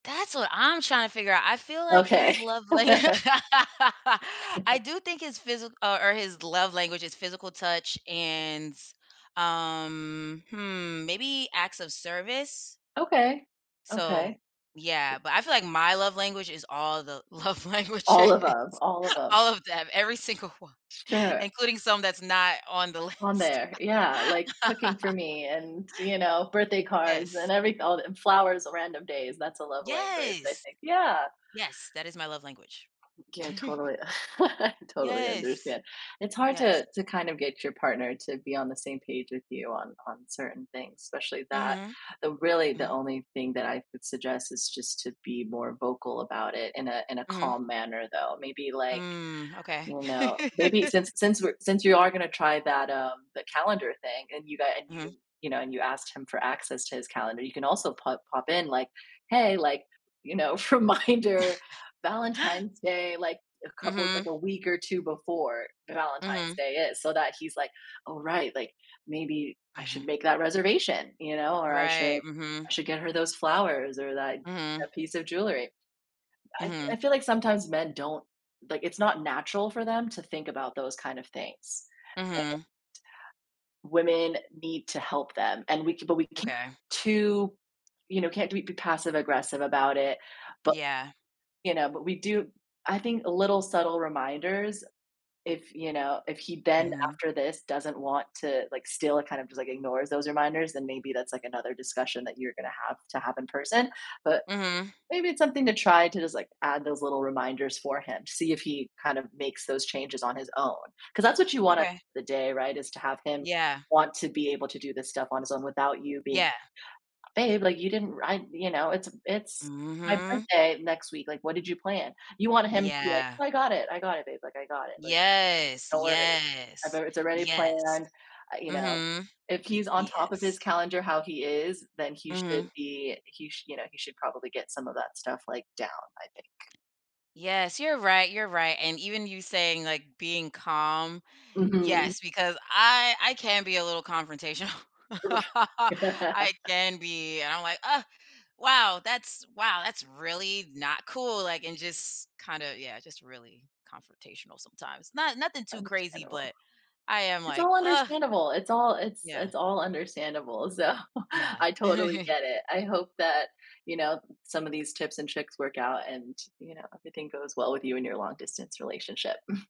That's what I'm tryna figure out. I feel like Okay. his love la I do think his physi or or his love language is physical touch and, um, hmm, maybe acts of service. Okay, So, okay. yeah, but I feel like my love language is all the love All languages. of 'em, all of 'em. All of them, every single one, Sure. including some that's not on the On list. there, yeah, like cooking for me and, you know, birthday cards Yes. and every all and flowers on random days. That's a love language, I Yes. think, yeah. Yes. That is my love language. Yeah, totally. I totally Yes. understand. It's hard Yes. to to kind of get your partner to be on the same page with you on on certain things, especially that. Mhm. The, really, the Mhm. only thing that I would suggest is just to be more vocal about it in a in a Mhm. calm manner, though. Maybe, like, Mm, okay. you know, maybe since since we're since you are gonna try that, uh, the calendar thing and you got and Mhm. you, you know, and you asked him for access to his calendar, can also pop pop in like, "Hey," like, you know, reminder: "Valentine's Day." Like, a couple like, Mhm. a week or 2 before Valentine's Mhm. Day is so that he's, like, "Oh, right. Like, maybe I should Mhm. make that reservation." You know, or, "I should Right, mhm. I should get her those flowers or that Mhm. that piece of jewelry." I f Mhm. I feel like sometimes men don't like, it's not natural for them to think about those kind of things, Mhm. and women need to help them and we c but we ca Okay. too, you know, can't do it be passive aggressive about it bu Yeah. you know, but we do I think little, subtle reminders, if, you know, if he then, Mhm. after this, doesn't want to like, still, kind of, just, like, ignores those reminders, then maybe that's another discussion that you're gonna have to have in person. But, Mhm. maybe it's something to try to just add those little reminders for him to see if he kind of makes those changes on his own. 'Cause that's what you want at Okay. the day, right? Is to have him Yeah. want to be able to do this stuff on his own without you being, Yeah. "Babe, like, you didn't ra you know, it's a it's my Mhm. birthday next week, like, what did you plan?" You want him to be like, Yeah. "Oh, I got it, I got it, babe, like I got it. Like, Yes, don't worry abou yes, it's already yes. planned" uh, you know. Mhm. If he's on top of his Yes. calendar how he is, then he should Mhm. be he sh you know, he should probably get some of that stuff, like, down, I think. Yes, you're right, you're right. And even you saying, like, being calm Mhm. yes, because I I can be a little confrontational. Ri I can be. And I'm like, "Ugh. Wow, that's wow. That's really not cool," like, and just kinda yeah, just really confrontational sometimes. Not nothing too crazy, Understandable. but I am It's like, all "Ugh." understandable, it's all it's Yeah. it's all understandable, so, Yeah. I totally get it. I hope that, you know, some of these tips and tricks work out and, you know, everything goes well with you and your long-distance relationship.